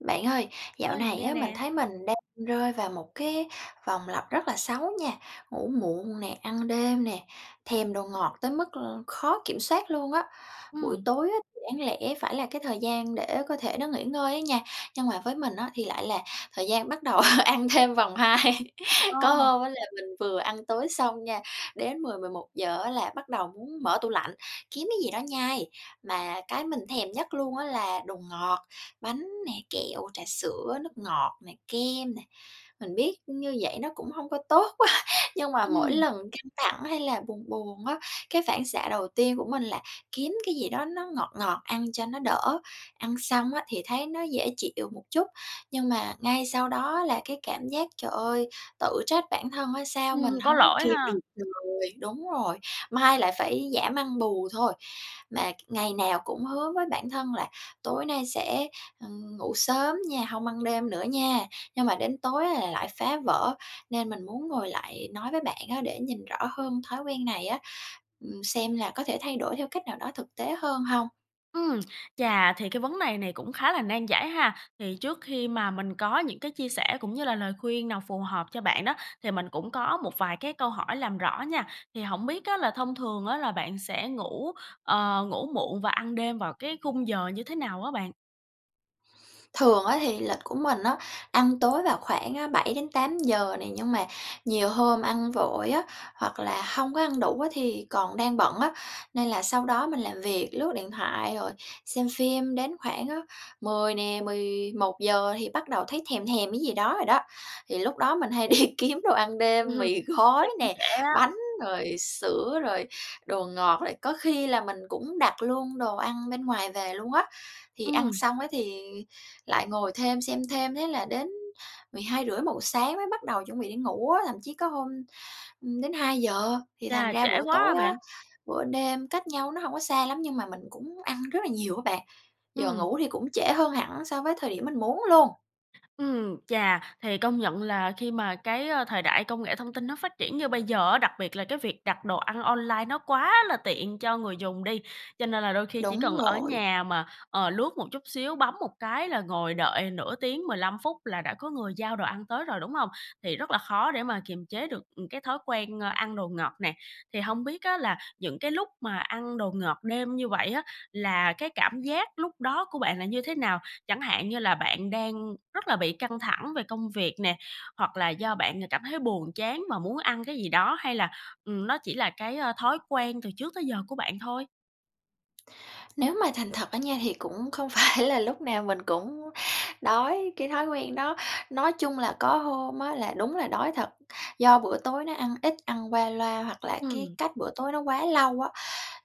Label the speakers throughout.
Speaker 1: Bạn ơi, dạo
Speaker 2: Ơi, mình
Speaker 1: này
Speaker 2: nghe
Speaker 1: á mình
Speaker 2: nè.
Speaker 1: thấy mình đang rơi vào một cái vòng lặp rất là xấu nha, ngủ muộn nè, ăn đêm nè, thèm đồ ngọt tới mức, ơ, khó kiểm soát luôn á. Buổi
Speaker 2: Ừm.
Speaker 1: tối á thì đáng lẽ phải là cái thời gian để cơ thể nó nghỉ ngơi á nha, nhưng mà với mình á thì lại là thời gian bắt đầu ăn thêm vòng 2. Có
Speaker 2: Ờ.
Speaker 1: hôm á là mình vừa ăn tối xong nha, đến 10:00, 11:00 á là bắt đầu muốn mở tủ lạnh, kiếm cái gì đó nhai. Mà cái mình thèm nhất luôn á là đồ ngọt, bánh nè, kẹo, trà sữa, nước ngọt nè, kem nè. Mình biết như vậy nó cũng hông có tốt á, nhưng mà mỗi
Speaker 2: Ừm.
Speaker 1: lần căng thẳng hay là buồn buồn á, cái phản xạ đầu tiên của mình là kiếm cái gì đó nó ngọt ngọt ăn cho nó đỡ. Ăn xong á thì thấy nó dễ chịu một chút, nhưng mà ngay sau đó là cái cảm giác, trời ơi, tự trách bản thân á, sao mình
Speaker 2: Ừm, có
Speaker 1: hông có
Speaker 2: lỗi
Speaker 1: kìm
Speaker 2: ha!
Speaker 1: được người, đúng rồi, mai lại phải giảm ăn bù thôi. Mà ngày nào cũng hứa với bản thân là "Tối nay sẽ, ờ, ngủ sớm nha, hông ăn đêm nữa nha!" Nhưng mà đến tối là lại phá vỡ, nên mình muốn ngồi lại nói với bạn á để nhìn rõ hơn thói quen này á, ừm, xem là có thể thay đổi theo cách nào đó thực tế hơn hông?
Speaker 2: Ừm, chà thì cái vấn này này cũng khá là nan giải ha, thì trước khi mà mình có những cái chia sẻ cũng như là lời khuyên nào phù hợp cho bạn đó, thì mình cũng có một vài cái câu hỏi làm rõ nha. Thì hổng biết á là thông thường á là bạn sẽ ngủ, ờ, ngủ muộn và ăn đêm vào cái khung giờ như thế nào á bạn?
Speaker 1: Thường á thì lịch của mình á, ăn tối vào khoảng, a, 7:00 đến 8:00 nè, nhưng mà nhiều hôm ăn vội á, hoặc là hông có ăn đủ á thì còn đang bận á. Nên là sau đó mình làm việc, lướt điện thoại rồi xem phim đến khoảng á 10:00 nè, 11:00 thì bắt đầu thấy thèm thèm cái gì đó rồi đó. Thì lúc đó mình hay đi kiếm đồ ăn
Speaker 2: Ừm
Speaker 1: đêm,
Speaker 2: hừm,
Speaker 1: mì
Speaker 2: ngủ thì
Speaker 1: gói
Speaker 2: cũng
Speaker 1: nè,
Speaker 2: trễ á.
Speaker 1: bánh, rồi sữa rồi đồ ngọt, rồi có khi là mình cũng đặt luôn đồ ăn bên ngoài về luôn á. Thì ăn
Speaker 2: Ừm.
Speaker 1: xong á thì lại ngồi thêm, xem thêm, thế là đến 12:30-1:00 sáng mới bắt đầu chuẩn bị đi ngủ á, thậm chí có hôm, ừm, đến 2:00 thì thành
Speaker 2: Chà,
Speaker 1: ra
Speaker 2: trễ
Speaker 1: bữa
Speaker 2: quá ha
Speaker 1: tối á,
Speaker 2: bạn.
Speaker 1: bữa đêm cách nhau nó hổng có xa lắm nhưng mà mình cũng ăn rất là nhiều á bạn. Giờ
Speaker 2: Ừm.
Speaker 1: ngủ thì cũng trễ hơn hẳn so với thời điểm mình muốn luôn.
Speaker 2: Ừm, chà! Thì công nhận là khi mà cái, ờ, thời đại công nghệ thông tin nó phát triển như bây giờ á, đặc biệt là cái việc đặt đồ ăn online nó quá là tiện cho người dùng đi, cho nên là đôi khi chỉ
Speaker 1: Đúng
Speaker 2: cần ở
Speaker 1: rồi.
Speaker 2: nhà mà, ờ, lướt một chút xíu, bấm một cái là ngồi đợi nửa tiếng, 15 phút là đã có người giao đồ ăn tới rồi, đúng hông? Thì rất là khó để mà kiềm chế được, ừm, cái thói quen, a, ăn đồ ngọt nè. Thì hông biết á là những cái lúc mà ăn đồ ngọt đêm như vậy á là cái cảm giác lúc đó của bạn là như thế nào? Chẳng hạn như là bạn đang rất là bị căng thẳng về công việc nè? Hoặc là do bạn ng cảm thấy buồn chán và muốn ăn cái gì đó? Hay là, ừm, nó chỉ là cái, a, thói quen từ trước tới giờ của bạn thôi?
Speaker 1: Nếu mà thành thật á nha thì cũng không phải là lúc nào mình cũng đói. Cái thói quen đó, nói chung là có hôm á là đúng là đói thật, do bữa tối nó ăn ít, ăn qua loa hoặc là cái
Speaker 2: Ừm.
Speaker 1: cách bữa tối nó quá lâu á,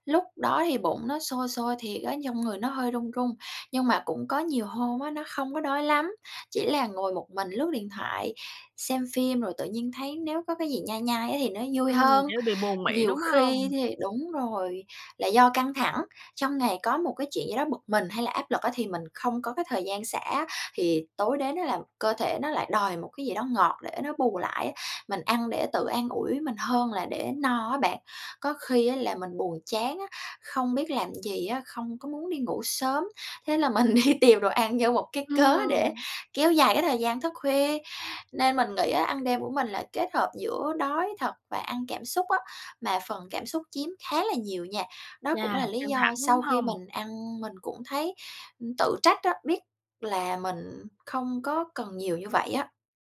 Speaker 1: lúc đó thì bụng nó sôi sôi thiệt á, trong người nó hơi run run. Nhưng mà cũng có nhiều hôm á, nó không có đói lắm, chỉ là ngồi một mình lướt điện thoại, xem phim rồi tự nhiên thấy nếu có cái gì nhai nhai á thì nó vui
Speaker 2: Ừm,
Speaker 1: hơn.
Speaker 2: kiểu, bị buồn miệng,
Speaker 1: Nhiều
Speaker 2: đúng
Speaker 1: khi
Speaker 2: hông?
Speaker 1: thì đúng rồi, là do căng thẳng, trong ngày có một cái chuyện gì đó bực mình hay là áp lực á, thì mình không có cái thời gian xả á, thì tối đến á là cơ thể nó lại đòi một cái gì đó ngọt để nó bù lại á, mình ăn để tự an ủi mình hơn là để no á bạn. Có khi á là mình buồn chán á, không biết làm gì á, không có muốn đi ngủ sớm, thế là mình đi tìm đồ ăn như một cái cớ để
Speaker 2: Ừm.
Speaker 1: kéo dài cái thời gian thức khuya. Nên mình nghĩ á, ăn đêm của mình là kết hợp giữa đói thật và ăn cảm xúc á, mà phần cảm xúc chiếm khá là nhiều nha. Đó cũng là
Speaker 2: Chà!
Speaker 1: lý
Speaker 2: Căng thẳng,
Speaker 1: do
Speaker 2: đúng
Speaker 1: sau khi
Speaker 2: hông?
Speaker 1: mình ăn mình cũng thấy, ừm, tự trách á, biết là mình không có cần nhiều như vậy á.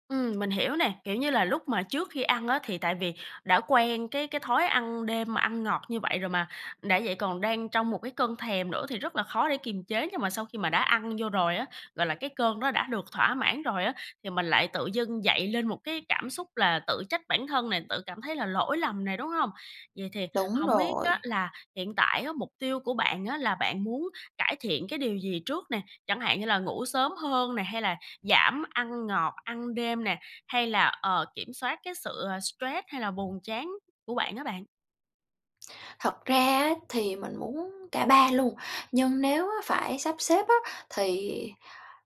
Speaker 2: Ừm, mình hiểu nè, kiểu, như là lúc mà trước khi ăn á thì tại vì đã quen cái cái thói ăn đêm mà ăn ngọt như vậy rồi mà, đã vậy còn đang trong một cái cơn thèm nữa thì rất là khó để kiềm chế nhưng mà sau khi mà đã ăn vô rồi á, gọi là, cái cơn đó đã được thỏa mãn rồi á thì mình lại tự dưng dậy lên một cái cảm xúc là tự trách bản thân nè, tự cảm thấy là lỗi lầm nè, đúng hông? Vậy thì
Speaker 1: Đúng
Speaker 2: hổng biết á
Speaker 1: rồi.
Speaker 2: là hiện tại á mục tiêu của bạn á là bạn muốn cải thiện cái điều gì trước nè? Chẳng hạn như là ngủ sớm hơn nè, hay là giảm ăn ngọt, ăn đêm nè, hay là, ờ, kiểm soát cái sự, ờ, stress hay là buồn chán của bạn á bạn?
Speaker 1: Thật ra á, thì mình muốn cả ba luôn, nhưng nếu phải sắp xếp á thì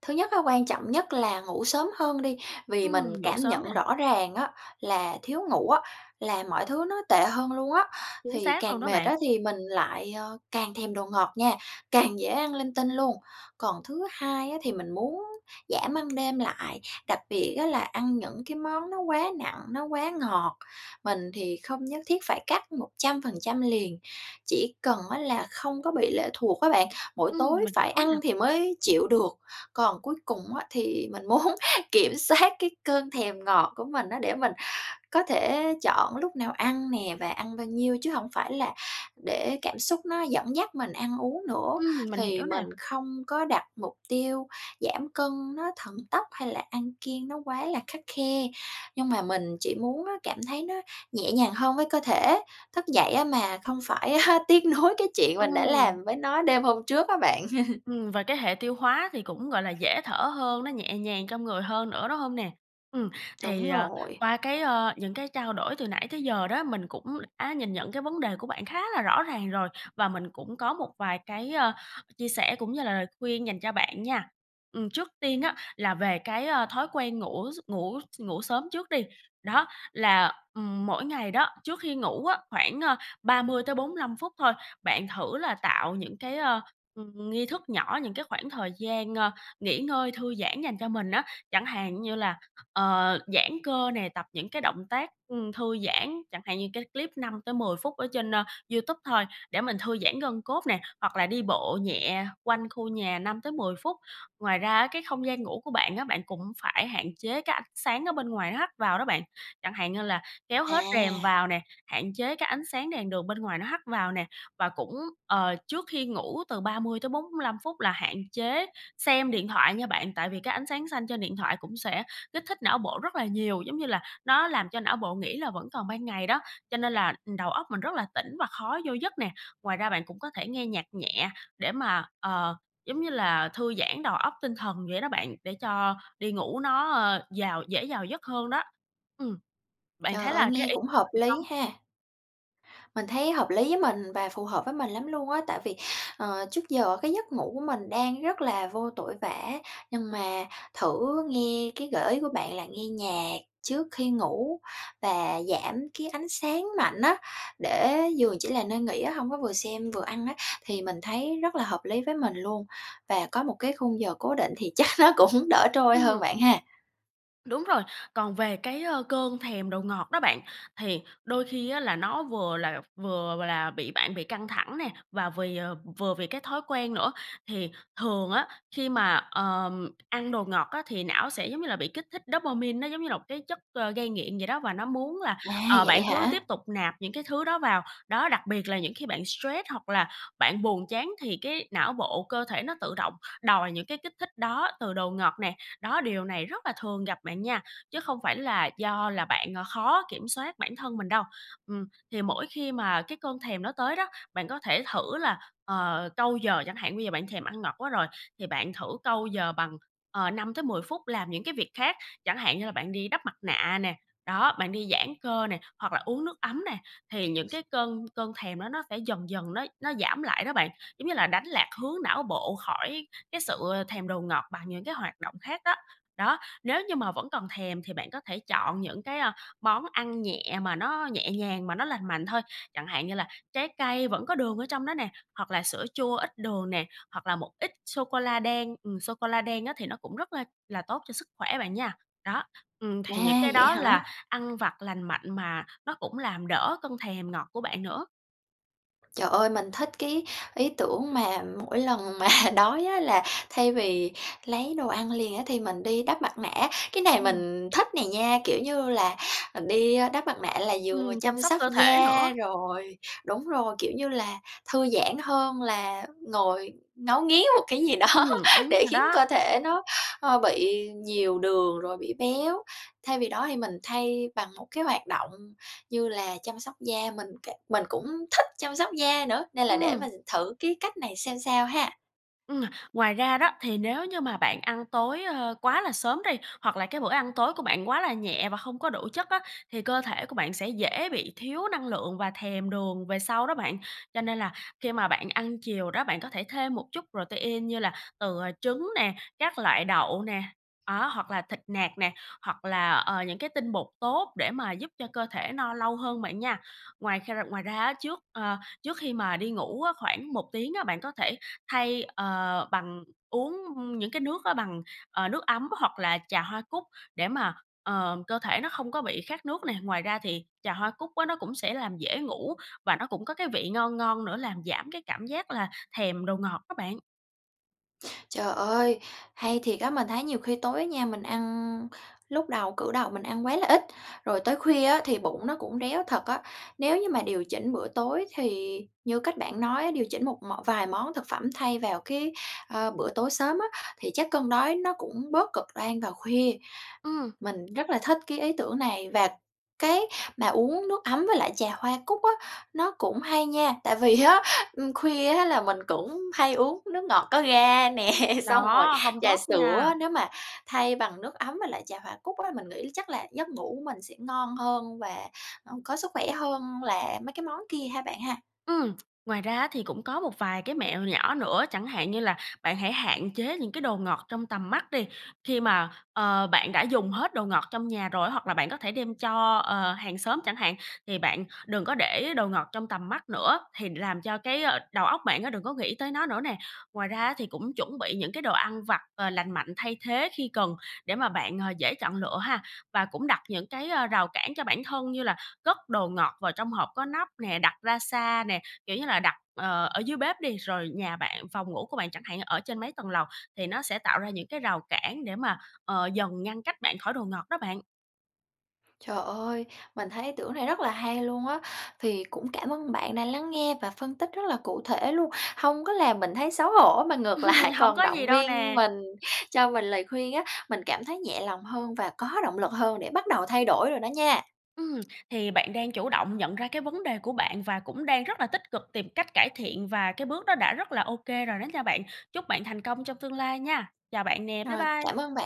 Speaker 1: thứ nhất á, quan trọng nhất là ngủ sớm hơn đi, vì mình
Speaker 2: Ừm, ngủ
Speaker 1: cảm
Speaker 2: sớm nè.
Speaker 1: nhận rõ ràng á là thiếu ngủ á là mọi thứ nó tệ hơn luôn á,
Speaker 2: Chính
Speaker 1: thì
Speaker 2: xác luôn
Speaker 1: càng
Speaker 2: đó
Speaker 1: mệt
Speaker 2: bạn.
Speaker 1: á thì mình lại, à, càng thèm đồ ngọt nha, càng dễ ăn linh tinh luôn. Còn thứ hai á, thì mình muốn giảm ăn đêm lại, đặc biệt á là ăn những cái món nó quá nặng, nó quá ngọt, mình thì không nhất thiết phải cắt 100% liền, chỉ cần á là không có bị lệ thuộc á bạn, mỗi
Speaker 2: Ừm,
Speaker 1: tối
Speaker 2: mình
Speaker 1: phải
Speaker 2: hiểu nè.
Speaker 1: ăn thì mới chịu được. Còn cuối cùng á thì mình muốn kiểm soát cái cơn thèm ngọt của mình á, để mình có thể chọn lúc nào ăn nè và ăn bao nhiêu chứ hổng phải là để cảm xúc nó dẫn dắt mình ăn uống nữa,
Speaker 2: Ừm, mình
Speaker 1: thì
Speaker 2: hiểu
Speaker 1: mình
Speaker 2: nè.
Speaker 1: không có đặt mục tiêu giảm cân nó thần tốc, hay là ăn kiêng nó quá là khắt khe. Nhưng mà mình chỉ muốn á cảm thấy nó nhẹ nhàng hơn với cơ thể. Thức dậy á mà không phải, a, tiếc nuối cái chuyện mình đã
Speaker 2: Ừm.
Speaker 1: làm với nó đêm hôm trước á bạn.
Speaker 2: Ừm, và cái hệ tiêu hóa thì cũng, gọi là, dễ thở hơn, nó nhẹ nhàng trong người hơn nữa, đúng hông nè? Ừm, thì,
Speaker 1: Đúng
Speaker 2: ờ,
Speaker 1: rồi.
Speaker 2: qua cái, ơ, những cái trao đổi từ nãy tới giờ đó, mình cũng đã nhìn nhận cái vấn đề của bạn khá là rõ ràng rồi, và mình cũng có một vài cái, ơ, chia sẻ cũng như là lời khuyên dành cho bạn nha. Ừm, trước tiên á là về cái, a, thói quen ngủ s ngủ s ngủ sớm trước đi, đó, là, ừm, mỗi ngày đó, trước khi ngủ á, khoảng, ơ, 30 tới 45 phút thôi, bạn thử là tạo những cái, ơ, ưm, nghi thức nhỏ, những cái khoảng thời gian, ơ, nghỉ ngơi thư giãn dành cho mình á. Chẳng hạn như là, ờ, giãn cơ nè, tập những cái động tác, ưm, thư giãn, chẳng hạn như cái clip 5 tới 10 phút ở trên, ơ, YouTube thôi để mình thư giãn gân cốt nè, hoặc là đi bộ nhẹ quanh khu nhà 5 tới 10 phút. Ngoài ra á cái không gian ngủ của bạn á, bạn cũng phải hạn chế cái ánh sáng ở bên ngoài nó hắt vào đó bạn, chẳng hạn như là kéo hết rèm
Speaker 1: À.
Speaker 2: vào nè, hạn chế cái ánh sáng đèn đường bên ngoài nó hắt vào nè. Và cũng, ờ, trước khi ngủ từ 30 tới 45 phút là hạn chế xem điện thoại nha bạn, tại vì cái ánh sáng xanh trên điện thoại cũng sẽ kích thích não bộ rất là nhiều, giống như là nó làm cho não bộ nghĩ là vẫn còn ban ngày đó, cho nên là, ừm, đầu óc mình rất là tỉnh và khó vô giấc nè. Ngoài ra bạn cũng có thể nghe nhạc nhẹ để mà, ờ, giống như là thư giãn đầu óc tinh thần vậy đó bạn, để cho đi ngủ nó, ơ, vào dễ vào giấc hơn đó. Ừm, bạn
Speaker 1: Trời
Speaker 2: thấy
Speaker 1: ơi.
Speaker 2: là cái
Speaker 1: Nghe
Speaker 2: ý
Speaker 1: cũng hợp
Speaker 2: [unintelligible] được
Speaker 1: lý
Speaker 2: hông?
Speaker 1: ha. Mình thấy hợp lý với mình và phù hợp với mình lắm luôn á, tại vì, ờ, trước giờ cái giấc ngủ của mình đang rất là vô tội vạ á, nhưng mà thử nghe cái gợi ý của bạn là nghe nhạc trước khi ngủ và giảm cái ánh sáng mạnh á, để giường chỉ là nơi nghỉ á, hông có vừa xem vừa ăn á, thì mình thấy rất là hợp lý với mình luôn. Và có một cái khung giờ cố định thì chắc nó cũng đỡ trôi hơn
Speaker 2: Ừm.
Speaker 1: bạn ha.
Speaker 2: Đúng rồi, còn về cái, ơ, cơn thèm đồ ngọt đó bạn, thì đôi khi á là nó vừa là vừa là bị bạn bị căng thẳng nè, và vì, ờ vừa vì cái thói quen nữa. Thì thường á khi mà, ờ, ăn đồ ngọt á thì não sẽ giống như là bị kích thích dopamin, nó giống như là một cái chất, ờ, gây nghiện vậy đó, và nó muốn là,
Speaker 1: À,
Speaker 2: ờ,
Speaker 1: vậy
Speaker 2: bạn cứ tiếp
Speaker 1: hả?
Speaker 2: tục nạp những cái thứ đó vào. Đó, đặc biệt là những khi bạn stress hoặc là bạn buồn chán thì cái não bộ, cơ thể nó tự động đòi những cái kích thích đó từ đồ ngọt nè. Đó, điều này rất là thường gặp bạn nha, chứ không phải là do là bạn, ờ, khó kiểm soát bản thân mình đâu. Ừm, thì mỗi khi mà cái cơn thèm nó tới đó, bạn có thể thử là, ờ, câu giờ chẳng hạn, bây giờ bạn thèm ăn ngọt quá rồi thì bạn thử câu giờ bằng, ờ, 5 tới 10 phút làm những cái việc khác. Chẳng hạn như là bạn đi đắp mặt nạ nè, đó, bạn đi giãn cơ nè, hoặc là uống nước ấm nè, thì những cái cơn cơn thèm đó nó sẽ dần dần nó nó giảm lại đó bạn. Giống như là đánh lạc hướng não bộ khỏi cái sự thèm đồ ngọt bằng những cái hoạt động khác á. Đó, nếu như mà vẫn còn thèm thì bạn có thể chọn những cái, ơ, món ăn nhẹ mà nó nhẹ nhàng mà nó lành mạnh thôi, chẳng hạn như là trái cây vẫn có đường ở trong đó nè, hoặc là sữa chua ít đường nè, hoặc là một ít sô cô la đen. Ừm, sô cô la đen á thì nó cũng rất là là tốt cho sức khỏe bạn nha. Đó, ừm,
Speaker 1: À,
Speaker 2: thì những cái
Speaker 1: vậy
Speaker 2: đó là
Speaker 1: hả?
Speaker 2: ăn vặt lành mạnh mà nó cũng làm đỡ cơn thèm ngọt của bạn nữa.
Speaker 1: Trời ơi, mình thích cái ý tưởng mà mỗi lần mà đói á là thay vì lấy đồ ăn liền á thì mình đi đắp mặt nạ, cái này
Speaker 2: Ừm.
Speaker 1: mình thích này nha, kiểu như là, à, đi đắp mặt nạ là vừa
Speaker 2: Ừm, chăm
Speaker 1: chăm
Speaker 2: sóc
Speaker 1: sóc
Speaker 2: cơ thể
Speaker 1: da,
Speaker 2: nữa.
Speaker 1: rồi đúng rồi, kiểu như là, thư giãn hơn là ngồi ngấu nghiến một cái gì đó
Speaker 2: Ừm, đúng
Speaker 1: để
Speaker 2: rồi
Speaker 1: khiến
Speaker 2: đó.
Speaker 1: cơ thể nó, ơ, bị nhiều đường, rồi bị béo. Thay vì đó thì mình thay bằng một cái hoạt động, như là, chăm sóc da, mình c mình cũng thích chăm sóc da nữa, nên là để
Speaker 2: Ừm.
Speaker 1: mình thử cái cách này xem sao ha.
Speaker 2: Ừm, ngoài ra đó, thì nếu như mà bạn ăn tối, ơ, quá là sớm đi, hoặc là cái bữa ăn tối của bạn quá là nhẹ và không có đủ chất á, thì cơ thể của bạn sẽ dễ bị thiếu năng lượng và thèm đường về sau đó bạn. Cho nên là khi mà bạn ăn chiều đó, bạn có thể thêm một chút protein, như là, từ, ờ, trứng nè, các loại đậu nè, đó, hoặc là thịt nạc nè, hoặc là, ờ, những cái tinh bột tốt để mà giúp cho cơ thể no lâu hơn bạn nha. Ngoài kh ngoài ra á, trước, a, trước khi mà đi ngủ á, khoảng 1 tiếng á, bạn có thể thay, ờ, bằng uống những cái nước á bằng, ờ, nước ấm, hoặc là trà hoa cúc để mà, ờ, cơ thể nó không có bị khát nước này. Ngoài ra thì trà hoa cúc á nó cũng sẽ làm dễ ngủ và nó cũng có cái vị ngon ngon nữa làm giảm cái cảm giác là thèm đồ ngọt á bạn.
Speaker 1: Trời ơi, hay thiệt á, mình thấy nhiều khi tối á nha, mình ăn lúc đầu cử đầu mình ăn quá là ít, rồi tới khuya á thì bụng nó cũng réo thật á. Nếu như mà điều chỉnh bữa tối thì như cách bạn nói á, điều chỉnh một mọn vài món thực phẩm thay vào cái, ờ, bữa tối sớm á, thì chắc cơn đói nó cũng bớt cực đoan vào khuya.
Speaker 2: Ừm.
Speaker 1: Mình rất là thích cái ý tưởng này và cái mà uống nước ấm với lại trà hoa cúc á nó cũng hay nha tại vì á, ừm, khuya á là mình cũng hay uống nước ngọt có ga nè, xong rồi
Speaker 2: Đó, hông
Speaker 1: trà
Speaker 2: tốt nha.
Speaker 1: sữa á. Nếu mà thay bằng nước ấm với lại trà hoa cúc á, mình nghĩ chắc là giấc ngủ mình sẽ ngon hơn và, ưm, có sức khỏe hơn là mấy cái món kia ha bạn ha.
Speaker 2: Ừm. Ngoài ra á thì cũng có một vài cái mẹo nhỏ nữa, chẳng hạn như là bạn hãy hạn chế những cái đồ ngọt trong tầm mắt đi. Khi mà, ờ, bạn đã dùng hết đồ ngọt trong nhà rồi, hoặc là bạn có thể đem cho, ờ, hàng xóm chẳng hạn, thì bạn đừng có để đồ ngọt trong tầm mắt nữa, thì làm cho cái, ờ, đầu óc bạn á đừng có nghĩ tới nó nữa nè. Ngoài ra á thì cũng chuẩn bị những cái đồ ăn vặt, ờ, lành mạnh thay thế khi cần để mà bạn, à, dễ chọn lựa ha. Và cũng đặt những cái, ơ, rào cản cho bản thân như là cất đồ ngọt vào trong hộp có nắp nè, đặt ra xa nè, kiểu như là, đặt, ờ, ở dưới bếp đi, rồi nhà bạn, phòng ngủ của bạn chẳng hạn, ở trên mấy tầng lầu thì nó sẽ tạo ra những cái rào cản để mà, ờ, dần ngăn cách bạn khỏi đồ ngọt đó bạn.
Speaker 1: Trời ơi, mình thấy ý tưởng này rất là hay luôn á. Thì cũng cảm ơn bạn đã lắng nghe và phân tích rất là cụ thể luôn, hông có làm mình thấy xấu hổ mà ngược lại
Speaker 2: Hổng
Speaker 1: còn
Speaker 2: có gì
Speaker 1: động
Speaker 2: đâu
Speaker 1: viên
Speaker 2: nè!
Speaker 1: mình, cho mình lời khuyên á, mình cảm thấy nhẹ lòng hơn và có động lực hơn để bắt đầu thay đổi rồi đó nha.
Speaker 2: Ừm, thì bạn đang chủ động nhận ra cái vấn đề của bạn và cũng đang rất là tích cực tìm cách cải thiện và cái bước đó đã rất là OK rồi đó nha bạn. Chúc bạn thành công trong tương lai nha. Chào bạn nè, bye
Speaker 1: Rồi,
Speaker 2: bye!
Speaker 1: cảm ơn bạn!